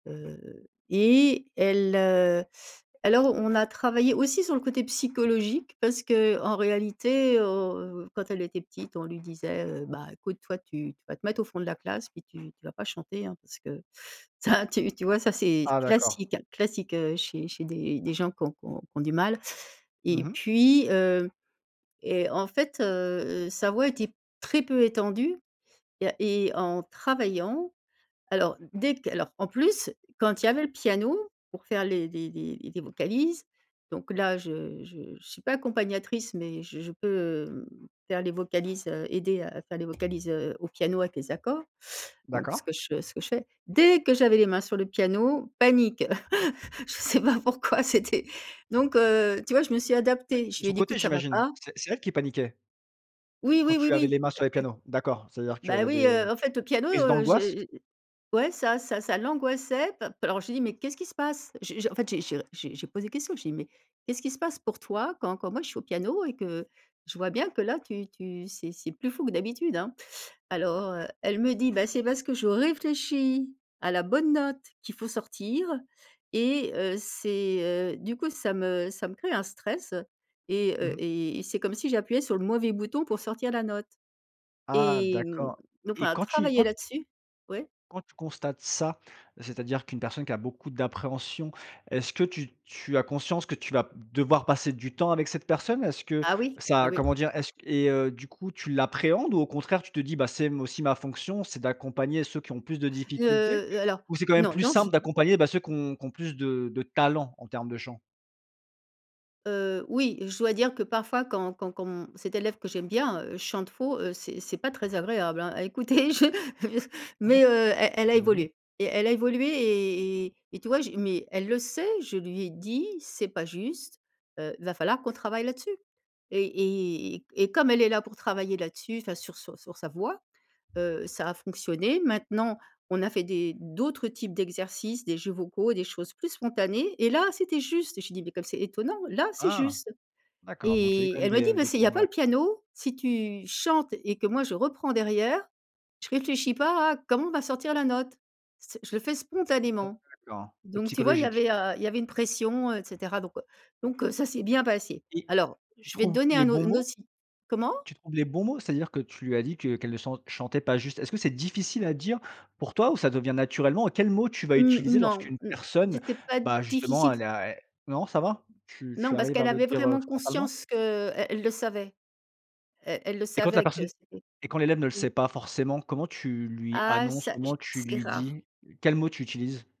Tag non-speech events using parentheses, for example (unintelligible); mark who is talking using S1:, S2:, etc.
S1: Mmh mh.
S2: Heu, et elle, heu, alors on a travaillé aussi sur le côté psychologique, parce qu'en réalité au quand elle était petite, on lui disait, heu, bah écoute, toi tu tu vas te mettre au fond de la classe, puis tu tu vas pas chanter hein, parce que ça, tu tu vois, ça, c'est
S1: Ah, d'accord.
S2: classique classique, heu, chez chez des des gens qui ont qui ont qui ont du mal.
S1: Mmh
S2: Et
S1: mh.
S2: puis, heu, et en fait, heu heu, sa voix était très peu étendue. Il y a et en travaillant, alors dès que Alors en plus, quand il y avait le piano, pour faire les des des des vocalises, donc
S1: Oui.
S2: là, je je je suis pas accompagnatrice, mais j je peux, mmh, faire les vocalises, heu, aider à faire les vocalises, heu, au piano avec les accords, donc ce
S1: D'accord.
S2: que ce que je fais. Dès que j'avais les mains sur le piano, panique. (chuckles) Je sais pas pourquoi c'était Donc, heu, tu vois, je me suis
S1: Ouais,
S2: adaptée. Je
S1: de
S2: lui
S1: son
S2: ai dit:
S1: côté,
S2: «écoute, ça va
S1: j'imagine.
S2: pas».
S1: C'est c'est elle qui paniquait?
S2: Oui,
S1: Quand
S2: oui, oui,
S1: tu avais les
S2: oui!.
S1: mains sur les pianos. D'accord.
S2: (unintelligible)
S1: C'est-à-dire qu'elle
S2: Bah oui
S1: avait
S2: heu, en fait, le piano
S1: crise
S2: heu,
S1: d'angoisse?
S2: j'ai j ouais ça ça ça l'angoissait pa p Alors, j'ai dit: «Mais, qu'est-ce qui se passe?». J'ai je en fait, j'ai j'ai j'ai j'ai posé questions. J'ai dit: «Mais qu'est-ce qui se passe pour toi quand quand moi, je suis au piano et que je vois bien que là, tu tu c'est c'est plus fou que d'habitude, hein». Alors, heu, elle me dit: «Bah c'est parce que je réfléchis à la bonne note qu'il faut sortir. Et heu, c'est, heu, du coup, ça me ça me crée un stress. Et
S1: Mmh
S2: heu,
S1: mh.
S2: et et c'est comme si j'appuyais sur le mauvais bouton pour sortir la note».
S1: Ah!
S2: Et mmh,
S1: D'accord
S2: donc on
S1: et
S2: a
S1: quand tu
S2: travaillé
S1: quand t
S2: là-dessus. Ouais?
S1: quand tu constates ça, c'est-à-dire qu'une personne qui a beaucoup d'appréhension, est-ce que tu tu as conscience que tu vas devoir passer du temps avec cette personne? Est-ce que
S2: Ah oui, bah
S1: ça,
S2: oui.
S1: comment dire, est-ce et heu, du coup, tu l'appréhendes ou au contraire tu te dis: «Bah, c'est m c'est aussi ma fonction, c'est d'accompagner ceux qui ont plus de
S2: Heu
S1: difficultés.»?
S2: heu, alors
S1: Ou, c'est quand même
S2: non,
S1: plus
S2: dans c
S1: simple d'accompagner bah ceux qui ont qui ont plus de de talent, en termes de chant?
S2: Heu, oui, je dois dire que parfois, quand quand quand mon cette élève que j'aime bien, heu, chante faux, heu, c'est c'est pas très agréable, hein, à écouter, je
S1: Mmh.
S2: mais, heu, e elle a
S1: J'imagine.
S2: évolué. Et elle a évolué et et et tu vois, je mais elle le sait, je lui ai dit: «C'est pas juste, heu, va falloir qu'on travaille là-dessus». Et etc et comme elle est là pour travailler là-dessus, enfin, sur sur sur sa voix, heu, ça a fonctionné. Maintenant, on a fait des d'autres types d'exercices, des jeux vocaux, des choses plus spontanées. Et là, c'était juste! Je lui ai dit: «Beh comme c'est étonnant, là, c'est
S1: Ah!
S2: juste!».
S1: D'accord. Donc, il y a eu
S2: Et
S1: quand même
S2: elle me
S1: des,
S2: dit:
S1: heu,
S2: «mais
S1: des
S2: c'est il y a pas
S1: progrès.
S2: le piano, si tu chantes et que moi, je reprends derrière, je réfléchis pas à comment on va sortir la note. C'est Je le fais spontanément!».
S1: D'accord. C'est
S2: Donc, tu vois, il y
S1: psychologique?
S2: avait, heu, il y avait une pression, et cetera, donc, heu donc, heu, ça s'est bien passé.
S1: Et,
S2: Alors,
S1: tu
S2: je vais te
S1: trouves
S2: donner
S1: les
S2: un au
S1: bons
S2: n
S1: mots?
S2: aussi. Comment?
S1: Tu trouves les bons mots? C'est-à-dire que tu lui as dit que qu'elle ne san chantait pas juste. Est-ce que c'est difficile à dire pour toi ou ça devient naturellement? Quel mot tu vas
S2: Mmh, mmh,
S1: utiliser
S2: non,
S1: lorsqu'une
S2: mmh,
S1: personne,
S2: c'était pas
S1: bah, justement,
S2: difficile
S1: elle
S2: s
S1: est à et Non, ça va? Tu tu
S2: Non, parce
S1: arrives à
S2: qu'elle
S1: le
S2: avait
S1: dire
S2: vraiment
S1: frontalement?
S2: conscience que e elle le savait. Elle elle le
S1: Et quand la
S2: savait que
S1: personne
S2: c'était
S1: et quand l'élève ne le
S2: Oui.
S1: sait pas forcément, comment tu lui
S2: Ah,
S1: annonces?
S2: ça, j
S1: Comment tu
S2: c'est
S1: lui
S2: rare.
S1: dis? Quels mots tu utilises?